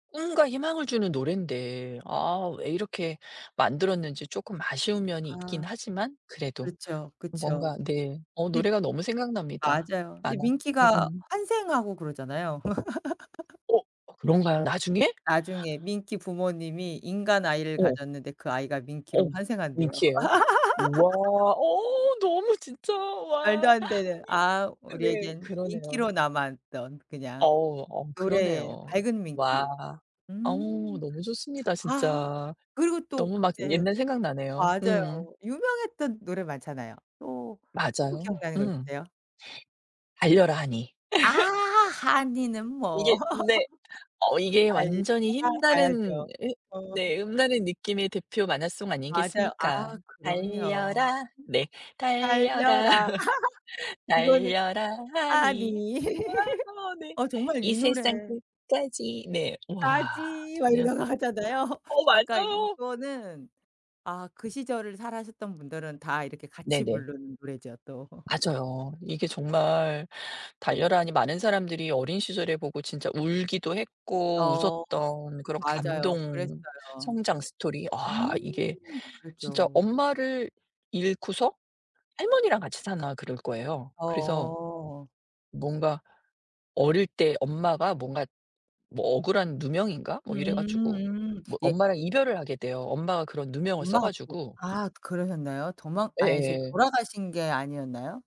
꿈과 희망을 주는 노랜데 아 왜 이렇게 만들었는지 쪼끔 아쉬운 면이 있긴 아. 하지만 그래도 그렇죠. 그쵸. 뭔가 네. 어 네. 노래가 너무 생각납니다. 맞아요. 근데 만화 밍키가 음음. 환생하고 그러잖아요. 어 그런가요? 나중에? 나중에 밍키 부모님이 인간 아이를 어. 가졌는데 그 아이가 밍키로 어. 환생한대요. 밍키예요? 우와 어 너무 진짜 말도 와 안 되는 아 네. 우리에겐 그러네요. 밍키로 남아 있던 그냥 어우 어 노래의 그러네요. 밝은 와. 밍키. 어우 음. 너무 좋습니다 아 진짜. 그리고 또 너무 막 그때 옛날 생각 나네요. 음. 맞아요 유명했던 노래 많잖아요. 또 또 맞아요. 기억나는 거 음. 있으세요? 달려라 하니. 아 하니는 뭐 이게 근데 어 이게 아이. 완전히 [unintelligible] 가야죠. 힘나는 음 어. 네 힘나는 느낌의 대표 만화송 맞아요. 아 아니겠습니까. 그럼요. 달려라 네 달려라, 달려라 이거는 달려라 하니. 하니. 아 네. 아 정말 이 이 세상 노래 끝까지. 네 와 까지 막 그냥 이러면서 하잖아요. 어 아까 맞아요. 이거는 아 그 시절을 사셨던 분들은 다 이렇게 같이 네네. 부르는 노래죠 또. 맞아요. 이게 정말 달려라 하니 많은 사람들이 어린 시절에 보고 진짜 울기도 했고 어 웃었던 그런 맞아요. 감동 그랬어요. 성장 스토리. 아 음 이게 진짜 그죠. 엄마를 잃고서 할머니랑 같이 사나 그럴 거예요. 그래서. 어. 뭔가 어릴 때 엄마가 뭔가 뭐 억울한 누명인가 뭐 이래 가지고 음음 뭐 예 엄마랑 이별을 하게 돼요. 엄마가 그런 누명을 써 엄마가 또 가지고 아 그러셨나요? 도망 아니 저 예예. 돌아가신 게 아니었나요?